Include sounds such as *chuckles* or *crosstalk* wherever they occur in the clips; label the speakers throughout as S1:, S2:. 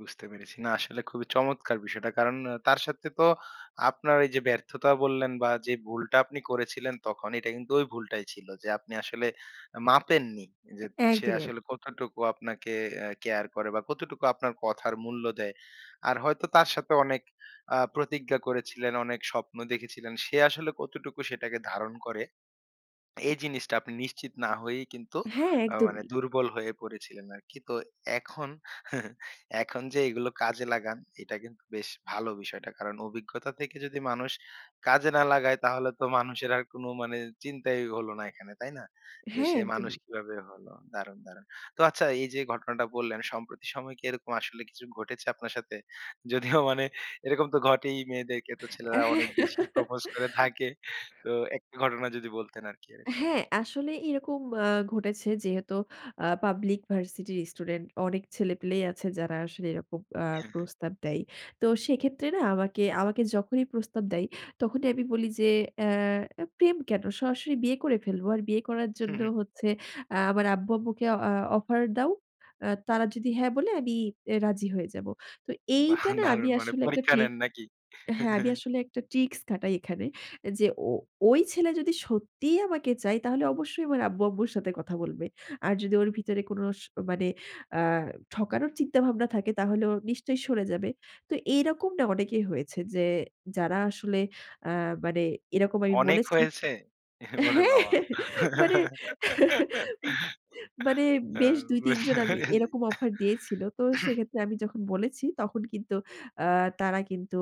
S1: বুঝতে পেরেছি, না আসলে খুবই চমৎকার বিষয়টা। কারণ আ তার সাথে তো আপনার এইযে ব্যর্থতা বললেন বা যে ভুলটা আপনি করেছিলেন, তখন এটা কিন্তু ওই ভুলটাই ছিল। যে আপনি আসলে আ মাপেননি যে সে
S2: একদমই, এক
S1: আসলে কতটুকু আপনাকে আ কেয়ার করে বা কতটুকু আপনার কথার মূল্য দেয়। আর হয়তো তার সাথে অনেক আ প্রতিজ্ঞা করেছিলেন, অনেক স্বপ্ন দেখেছিলেন। সে আসলে কতটুকু সেটাকে ধারণ করে। এই জিনিসটা আপনি নিশ্চিত না হয়েই কিন্তু
S2: হ্যাঁ,
S1: আ মানে
S2: একদমই।
S1: দুর্বল হয়ে পড়েছিলেন আরকি। তো এখন *chuckles* এখন যে এগুলো কাজে লাগান, এটা কিন্তু বেশ ভালো বিষয়টা। কারণ অভিজ্ঞতা থেকে যদি মানুষ কাজে না লাগায়, তাহলে তো মানুষের আর কোন মানে চিন্তাই হল না এখানে। তাই না? যে
S2: হ্যাঁ,
S1: সে মানুষ
S2: একদমই।
S1: কিভাবে হলো? দারুণ, দারুণ। তো আচ্ছা এইযে ঘটনাটা বললেন, সম্প্রতি সময় কি এরকম আসলে কিছু ঘটেছে আপনার সাথে? যদিও মানে এরকম তো ঘটেই মেয়েদেরকে তো
S2: অ্যাঁ
S1: ছেলেরা
S2: হ্যাঁ।
S1: অনেক বেশি propose করে
S2: *chuckles*
S1: থাকে। তো একটা ঘটনা যদি বলতেন আরকি এরকম।
S2: হ্যাঁ, আসলে এরকম আ ঘটেছে যেহেতু আ পাবলিক ভার্সিটির স্টুডেন্ট, অনেক ছেলেপেলেই আছে যারা আসলে এরকম আ
S1: হ্যাঁ, হ্যাঁ।
S2: প্রস্তাব দেয়। তো সেক্ষেত্রে না আমাকে আমাকে যখনই প্রস্তাব দেয় তখনই আমি বলি যে, "অ্যা প্রেম কেন? সরাসরি বিয়ে করে ফেলবো। আর বিয়ে করার
S1: হু,
S2: জন্য
S1: হু।
S2: হচ্ছে আ আমার আব্বু-আম্মুকে আ অ অফার দাও। আ তারা যদি 'হ্যাঁ' বলে আমি আ রাজি হয়ে যাব।" তো
S1: বাহ!
S2: এইটা না আমি
S1: দারুণ। মানে
S2: আসলে একটা
S1: পরীক্ষা
S2: ট্রিক
S1: নেন নাকি?
S2: হ্যাঁ আমি
S1: *chuckles*
S2: আসলে একটা ট্রিকস খাটাই এখানে। এ যে ও ঐ ছেলে যদি সত্যিই আমাকে চায় তাহলে অবশ্যই আমার আব্বু-আম্মুর সাথে কথা বলবে। আর যদি ওর ভিতরে কোন স মানে আ ঠকানোর চিন্তাভাবনা থাকে তাহলে ও নিশ্চয়ই সরে যাবে। তো এই রকম না অনেকেই হয়েছে যে যারা আসলে আ মানে এরকম আমি
S1: অনেক
S2: বলেছি
S1: হয়েছে? *chuckles* ওরে
S2: হ্যাঁ।
S1: বাবা!
S2: *chuckles* মানে *chuckles* উম
S1: *laughs*
S2: মানে
S1: ও!
S2: বেশ ২, ৩ জন
S1: বুঝতে
S2: আমি
S1: পেরেছি। *coughs*
S2: এরকম অফার দিয়েছিল। তো
S1: *clears throat*
S2: সেক্ষেত্রে আমি যখন বলেছি তখন কিন্তু আ তারা কিন্তু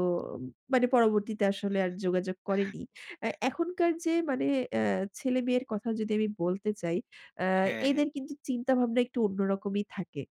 S2: মানে পরবর্তীতে আসলে আর যোগাযোগ করেনি। আ এখনকার যে মানে আ ছেলেমেয়ের কথা যদি আমি বলতে চাই, আ
S1: হ্যাঁ, হ্যাঁ।
S2: এদের কিন্তু চিন্তাভাবনা একটু অন্য রকমই থাকে।